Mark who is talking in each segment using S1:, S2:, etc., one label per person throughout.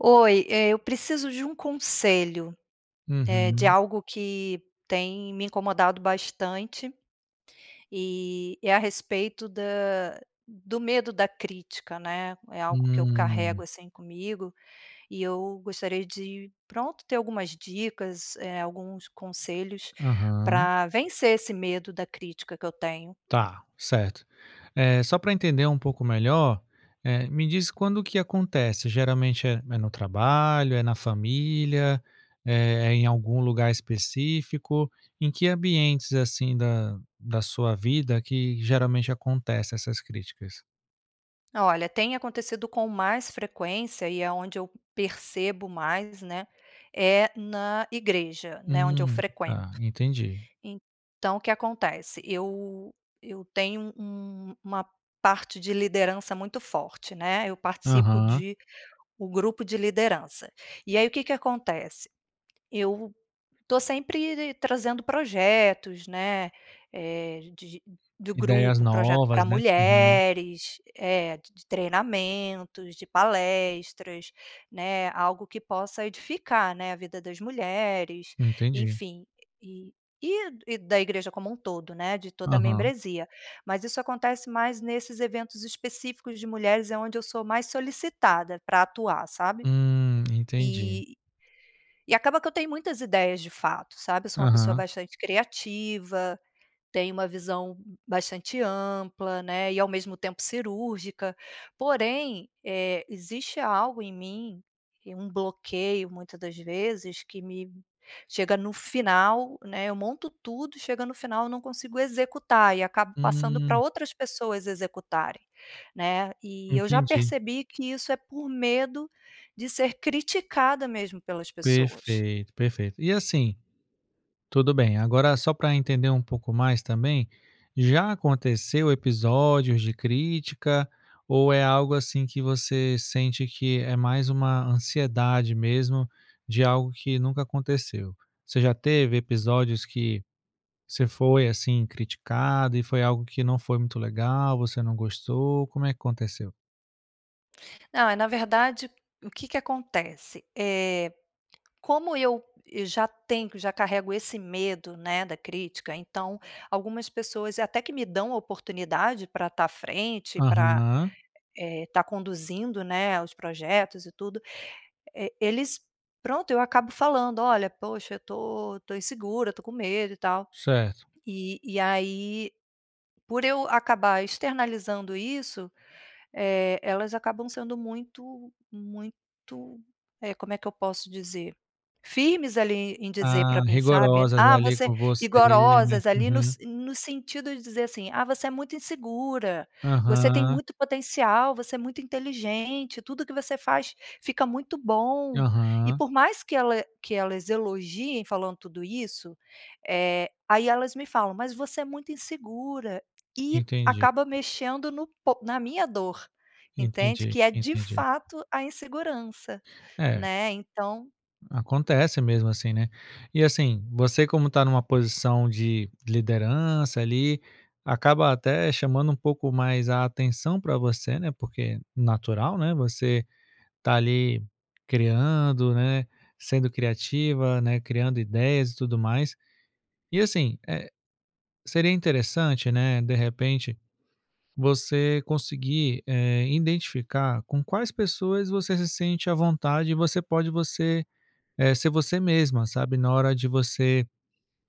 S1: Oi, eh, eu preciso de um conselho, eh, de
S2: Uhum.
S1: algo que tem me incomodado bastante. E é a respeito da do medo da crítica, né? É algo que eu
S2: Hum.
S1: carrego, assim, comigo e eu gostaria de, pronto, ter algumas dicas, eh, alguns conselhos
S2: Aham.
S1: pra vencer esse medo da crítica que eu tenho.
S2: Tá, certo. Eh, só pra entender um pouco melhor, eh, me diz quando que acontece? Geralmente é é no trabalho, é na família, é em algum lugar específico? Em que ambientes, assim, da da sua vida que geralmente acontece essas críticas?
S1: Olha, tem acontecido com mais frequência e é onde eu percebo mais, né, é na igreja, né, onde eu
S2: Hum.
S1: frequento.
S2: Tá, entendi.
S1: Então o que acontece, eu eu tenho um uma parte de liderança muito forte, né. Eu participo
S2: Aham.
S1: de o grupo de liderança. E aí, o que que acontece? Eu tô sempre trazendo projetos, né, eh, de de do
S2: Ideias
S1: grupo, projeto
S2: novas,
S1: pra
S2: né? Uhum.
S1: mulheres, eh, d de treinamentos, de palestras, né. Algo que possa edificar, né, a vida das mulheres,
S2: Entendi.
S1: enfim. E e e da igreja como todo, né, de toda a
S2: Aham.
S1: membresia. Mas, isso acontece mais nesses eventos específicos de mulheres, é onde eu sou mais solicitada pra atuar, sabe?
S2: Hum, entendi.
S1: E e acaba que eu tenho muitas ideias de fato, sabe? Eu sou uma pessoa
S2: Aham.
S1: bastante criativa, tenho uma visão bastante ampla, né, e ao mesmo tempo cirúrgica. Porém, eh, existe algo em mim, que é um bloqueio muita das vezes, que me chega no final, né, eu monto tudo e chega no final eu não consigo executar, e acabo passando pra
S2: Hum.
S1: outras pessoas executarem, né. E eu já
S2: Entendi.
S1: percebi que isso é por medo de ser criticada mesmo pelas pessoas.
S2: Perfeito, perfeito. E assim, tudo bem, agora só pra entender pouco mais também, já aconteceu episódios de crítica? Ou é algo, assim, que você sente que é mais uma ansiedade mesmo, de algo que nunca aconteceu? Você já teve episódios que você foi, assim, criticado e foi algo que não foi muito legal, você não gostou, como é que aconteceu?
S1: Ah, na verdade, o que que acontece? Eh, como eu eu já tenho já carrego esse medo, né, da crítica, então algumas pessoas até que me dão oportunidade pra tá a frente, pra
S2: Aham.
S1: eh, tá conduzindo, né, a os projetos e tudo. E eles, pronto, eu acabo falando: "Olha, poxa eu tô eu tô insegura, eu tô com medo e tal."
S2: Certo.
S1: E e aí, por eu acabar externalizando isso, eh, elas acabam sendo muito muito, eh, como é que eu posso dizer? Firmes ali em dizer
S2: Ah,
S1: pra mim, sabe?
S2: rigorosas,
S1: Ah
S2: ali,
S1: você
S2: com você, né?
S1: rigorosas ali no
S2: Uhum.
S1: se no sentido de dizer assim: "Ah você é muito insegura, você tem
S2: Aham.
S1: muito potencial, você é muito inteligente, tudo que você faz fica muito bom." E
S2: Aham.
S1: por mais que ela que elas elogiem falando tudo isso, eh, aí elas me falam: "Mas você é muito insegura." E
S2: Entendi.
S1: acaba mexendo no po na minha dor, entende?
S2: Entendi,
S1: Que é, de
S2: entendi.
S1: fato, a insegurança,
S2: É.
S1: né, então
S2: Acontece mesmo assim, né? E assim, você como tá numa posição de liderança ali, acaba até chamando pouco mais a atenção pra você, né, porque natural, né, você tá ali criando, né, sendo criativa, né, criando ideias e tudo mais. E assim, eh, seria interessante, né, de repente, você conseguir, eh, identificar com quais pessoas você se sente à vontade e você pode você eh, ser você mesma, sabe, na hora de você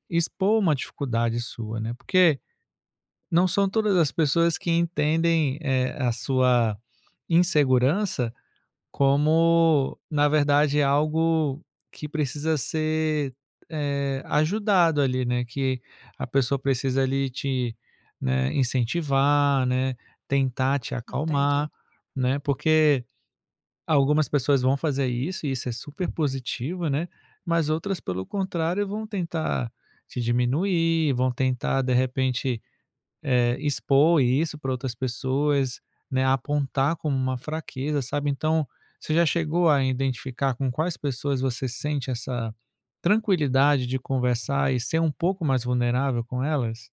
S2: expor uma dificuldade sua, né. Porque, não são todas as pessoas que entendem, eh, a sua insegurança como, na verdade, algo que precisa ser, eh, ajudado, ali, né. Que a pessoa precisa ali te, né, incentivar, né, tentar te
S1: Entendi.
S2: acalmar, né, porque algumas pessoas vão fazer isso e isso é super positivo, né? Mas outras, pelo contrário, vão tentar te diminuir, vão tentar de repente, eh, expor isso pra outras pessoas, né, apontar como uma fraqueza, sabe? Então, você já chegou a identificar com quais pessoas você sente essa tranquilidade de conversar e ser pouco mais vulnerável com elas?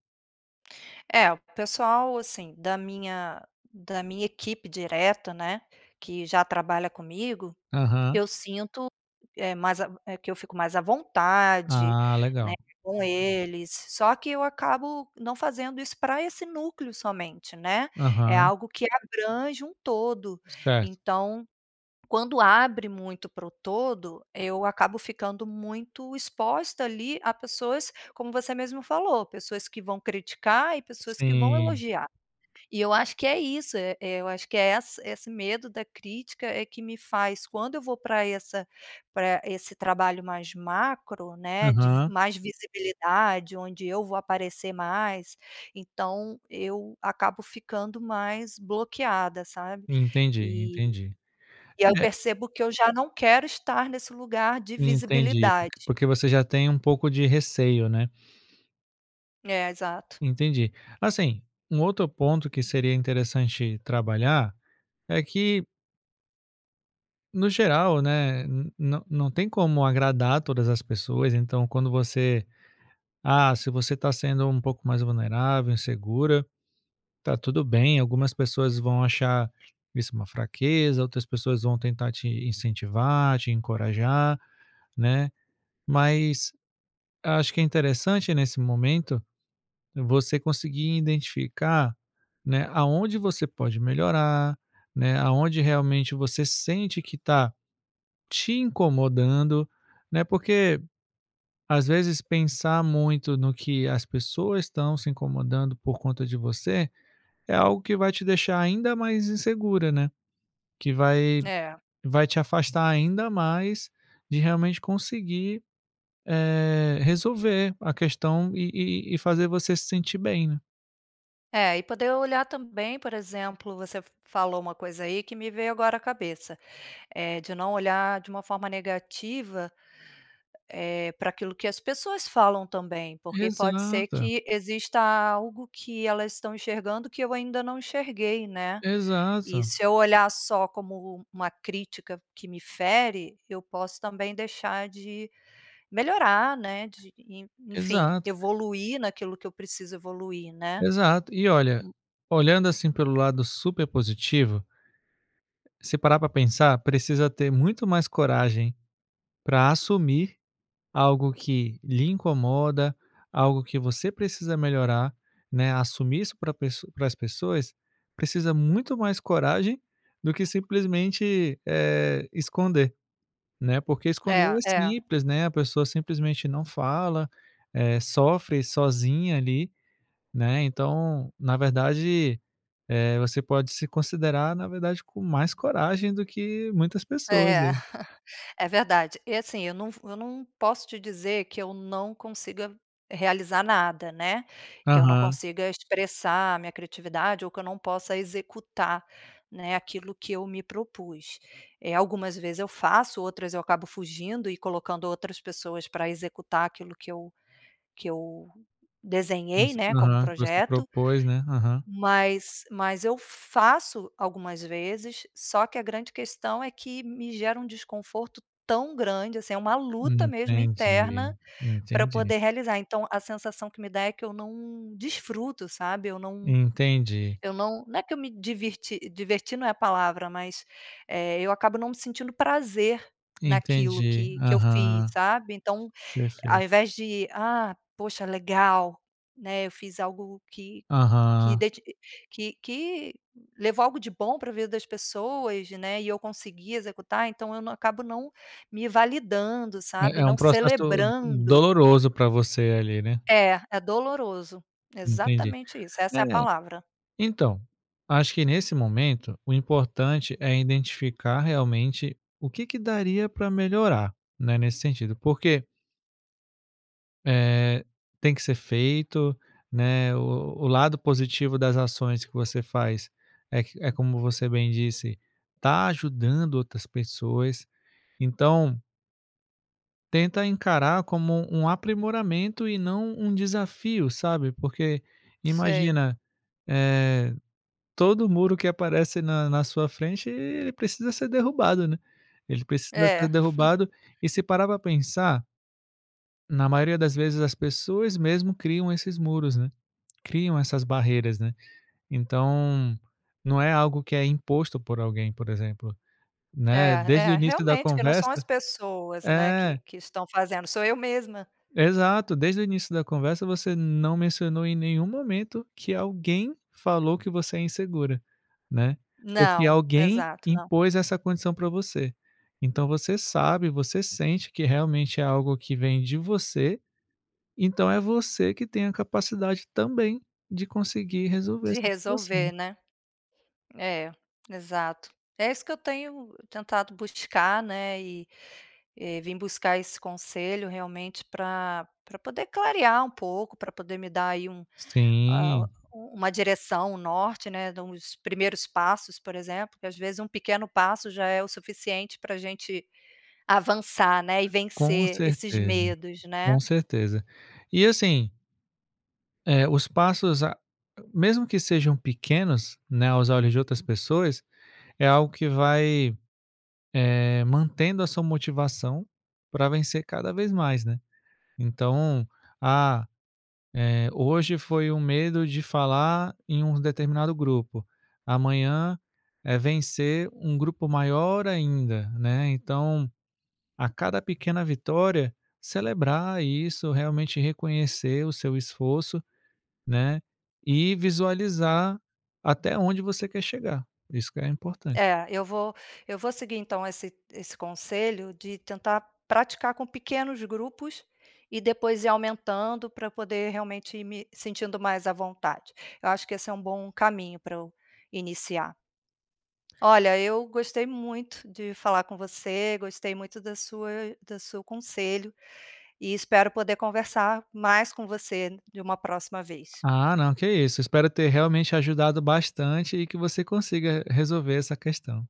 S1: É, o pessoal, assim, da minha da minha equipe direta, né, que já trabalha comigo,
S2: Aham.
S1: eu sinto, eh, mais a eh, que eu fico mais à vontade,
S2: Ah
S1: né,
S2: legal.
S1: com eles. Só que eu acabo não fazendo isso pra esse núcleo somente, né? É
S2: Aham.
S1: algo que abrange um todo,
S2: Certo.
S1: então quando abre muito para o todo, eu acabo ficando muito exposta ali, a pessoas como você mesmo falou, pessoas que vão criticar e pessoas que vão
S2: Sim.
S1: elogiar. E eu acho que é isso,e eu acho que é essa esse medo da crítica é que me faz, quando eu vou pra essa pra esse trabalho mais macro, né, de vis
S2: Aham.
S1: mais visibilidade, onde eu vou aparecer mais, então eu acabo ficando mais bloqueada, sabe?
S2: Entendi,
S1: E
S2: entendi.
S1: e aí eu
S2: É
S1: percebo que eu já não quero estar nesse lugar de
S2: Entendi, porq
S1: visibilidade.
S2: porque você já tem pouco de receio, né?
S1: É, exato.
S2: Entendi. Assim, um outro ponto que seria interessante trabalhar é que no geral, né, n não não tem como agradar todas as pessoas, então quando você, ah, se você tá sendo pouco mais vulnerável, insegura, tá tudo bem. Algumas pessoas vão achar isso uma fraqueza, outras pessoas vão tentar te incentivar, te encorajar, né. Mas, acho que é interessante nesse momento você conseguir identificar, né, aonde você pode melhorar, né, aonde realmente você sente que tá te incomodando, né, porque às vezes pensar muito no que as pessoas estão se incomodando por conta de você, é algo que vai te deixar ainda mais insegura, né. Que vai
S1: É.
S2: vai te afastar ainda mais de realmente conseguir, eh, resolver a questão e e e e fazer você se sentir bem, né.
S1: É, e poder olhar também, por exemplo, você f f falou uma coisa aí que me veio agora à cabeça, eh, de não olhar de uma forma negativa, eh, pra aquilo que as pessoas falam também, porque pode ser
S2: Exata.
S1: que exista algo que elas estão enxergando que eu ainda não enxerguei, né. E
S2: Exata.
S1: se eu olhar só como um uma crítica que me fere, eu posso também deixar de melhorar né, de e en enfim,
S2: Exato.
S1: evoluir naquilo que eu preciso evoluir, né.
S2: Exato. E olha,
S1: Hum.
S2: olhando assim pelo lado super positivo se parar pra pensar, precisa ter muito mais coragem pra assumir algo que lhe incomoda, algo que você precisa melhorar, né, assumir isso pra pessoa pras pessoas, precisa muito mais coragem do que simplesmente, eh, esconder, né. Porque esconder
S1: É,
S2: é
S1: é.
S2: simples, né. A pessoa simplesmente não fala, eh, sofre sozinha ali, né. Então, na verdade, eh, você pode se considerar, na verdade, com mais coragem do que muitas pessoas
S1: É,
S2: aí.
S1: é verdade. E assim, eu não v eu não posso te dizer que eu não consiga realizar nada né. Que eu não
S2: Aham.
S1: consiga expressar a minha criatividade ou que eu não possa executar né, aquilo que eu me propus. Eh, algumas vezes eu faço, outras eu acabo fugindo e colocando outras pessoas pra executar aquilo que eu que eu desenhei,
S2: Você
S1: né, como
S2: Aham. Você
S1: projeto.
S2: propôs, né? Aham.
S1: Mas mas eu faço algumas vezes, só que a grande questão é que me gera um desconforto tão grande, assim, é uma luta mesmo, interna,
S2: Entendi,
S1: pra eu
S2: entendi.
S1: poder realizar. Então, a sensação que me dá é que eu não desfruto, sabe. Eu não
S2: Entendi.
S1: eu não não é que eu me diverti diverti não é a palavra, mas eh, eu acabo não sentindo prazer naquilo
S2: Entendi,
S1: que que eu fiz,
S2: aham.
S1: sabe. Então, ao
S2: Perfeito.
S1: invés de: "Ah, poxa legal né, eu fiz algo que que
S2: Aham.
S1: dedi que que levou algo de bom pra vida das pessoas né, e eu consegui executar." Então eu na acabo não me validando,
S2: É
S1: sabe.
S2: é um
S1: Não
S2: processo u
S1: celebrando.
S2: doloroso pra você ali, né.
S1: É, é doloroso.
S2: Entendi.
S1: Exatamente isso,
S2: É.
S1: essa é a palavra.
S2: Então, acho que nesse momento, o importante é identificar realmente o que que daria pra melhorar, né, nesse sentido, porque Eh, tem que ser feito, né, o o o lado positivo das ações que você faz é que é como você bem disse, tá ajudando outras pessoas. Então tenta encarar como um aprimoramento e não um desafio, sabe. Porque
S1: Sei.
S2: imagina, eh, todo muro que aparece na na sua frente, ele precisa ser derrubado, né. Ele precisa ser
S1: É.
S2: derrubado e se parar para pensar na maioria das vezes, as pessoas mesmo criam esses muros, né. Criam essas barreiras, né. Então, não é algo que é imposto por alguém, por exemplo, né.
S1: É
S2: Desde o
S1: é,
S2: início da
S1: realmente, que não são as
S2: conversa
S1: pessoas, né, que
S2: É.
S1: que estão fazendo, sou eu mesma.
S2: Exato, desde o início da conversa, você não mencionou em nenhum momento que alguém falou que você é insegura, né, ou que
S1: Não,
S2: alguém
S1: exato, não.
S2: impôs essa condição para você. Então você sabe, você sente que realmente é algo que vem de você, então é você que tem a capacidade, também, de conseguir resolver
S1: De
S2: essa situação.
S1: resolver, né. É, exato. É isso que eu tenho tentado buscar né, e e vim buscar esse conselho, realmente pra pra poder clarear um pouco, pra poder me dar aí um hã,
S2: Sim.
S1: um uma direção, um norte né, de uns primeiros passos, por exemplo, porque às vezes pequeno passo já é o suficiente pra gente avançar né, e
S2: Com
S1: vencer esses
S2: certeza,
S1: medos,
S2: com
S1: né.
S2: certeza. E assim Eh, os passos, a ag mesmo que sejam pequenos, né, aos olhos de outras pessoas, é algo que vai, eh, mantendo a sua motivação pra vencer cada vez mais, né. Então, ah, eh, hoje foi um medo de falar em um determinado grupo, amanhã é vencer um grupo maior ainda, né. Então, a cada pequena vitória, celebrar isso, realmente reconhecer o seu esforço, né, e visualizar até onde você quer chegar. Isso que é o importante.
S1: É, eu vo eu vou seguir então esse esse conselho de tentar praticar com pequenos grupos e depois ir aumentando, pra eu poder realmente ir me sentindo mais à vontade. Eu acho que esse é bom caminho pra eu iniciar. Olha, eu gostei muito de falar com você, gostei muito da sua do seu conselho, e espero poder conversar mais com você em uma próxima vez.
S2: Ah não, que isso, espero ter realmente ajudado bastante e que você consiga re resolver essa questão.